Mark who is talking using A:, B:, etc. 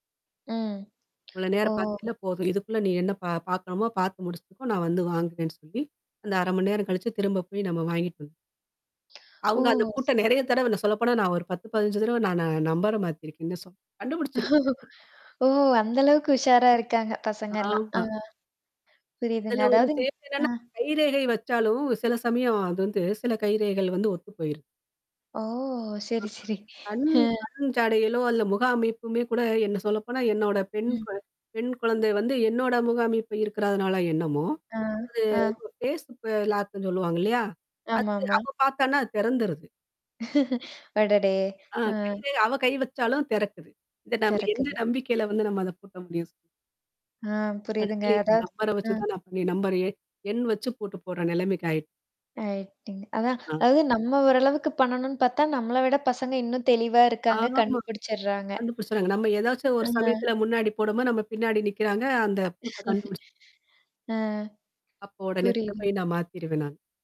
A: ம்.
B: இவ்ளோ நேரம்
A: ஓ!
B: பார்த்தீயில்ல போதும். இதுக்குள்ள நீ என்ன ப பார்க்கணுமோ பார்த்து முடிச்சுக்கோ! நான் வந்து வாங்குறேன்னு சொல்லி அந்த 1/2 மணி நேரம் கழிச்சு, திரும்ப போய் நம்ம வாங்கிட்டு. [unintelligible]
A: ஓ!
B: அவுங்க அந்த
A: ஸ்
B: கூட்டம் நிறைய தடவ நான் சொல்லப்போனா, நான் ஒரு 10, 15 தடவ நானு நம்பர மாத்திருக்கேன்னே சொல்லலாம். கண்டுபிடிச்சிருவோம்.
A: ஓ! அந்த அளவுக்கு உஷாரா இருக்காங்க. பசங்கலாம் ஆ.
B: ஆமா.
A: புரியுதுங்க.,
B: இதில ஒரு
A: அதாவது ஆ.
B: [unintelligible] கைரேகை வச்சாலும், சில சமயம் அது வந்து சில கைரேகைகள் வந்து ஒத்து போயிரும்.
A: ஓ! சரி,
B: [unintelligible]
A: சரி.
B: கண்
A: ஆ.
B: கண் ஜாடையிலோ! அல்ல முக அமைப்புமே கூட என்ன சொல்லப்போனா, என்னோட பெண்
A: ம்.
B: ப பெண் குழந்தை வந்து என்னோட முக அமைப்பு இருக்கிறதுனால என்னமோ!
A: ஆ, ஆ
B: அது ஃபேஸ் ப லாக்குன்னு சொல்லுவாங்க இல்லயா! அது
A: ஆமா, ஆமா.
B: அப்போ பார்த்தான்னா அது திறந்திருது.
A: அடடே!
B: ஆ, கை
A: ஆ.
B: ரேகை அவ கை வச்சாலும் திறக்குது. இது நம்ம என்ன
A: திறக்குது.
B: நம்பிக்கையில வந்து நம்ம அத பூட்ட முடியும்! சொ
A: ஆ, புரியுதுங்க.
B: கடைசில [unintelligible]
A: அதாவது
B: நம்பர வச்சு
A: ஆ
B: தான், நான் நம்பர [unintelligible] எண் வச்சு போட்டு போடுற நிலைமைக்கு ஆயி
A: ரைட்டுங்க. அதான்
B: ஆ.
A: அதாவது நம்ம ஓரளவுக்கு பண்ணணுனு பார்த்தா நம்மள விட பசங்க இன்னும் தெளிவா இருக்காங்க
B: ஆமா, ஆமா.
A: கண்டுபிடிச்சிடுறாங்க.
B: கண்டுபிடிச்சிறாங்க. நம்ம ஏதாச்சும் ஒரு
A: [unintelligible]
B: சமயத்தில முன்னாடி போடும் போது, நம்ம பின்னாடி நிற்கிறாங்க. அந்த பூட்ட கண்டுபிடிச்சு.
A: ஆ,
B: அப்போ உடனே
A: புரியுதுங்க.
B: [unintelligible] நான் மாத்திருவேன் நான்.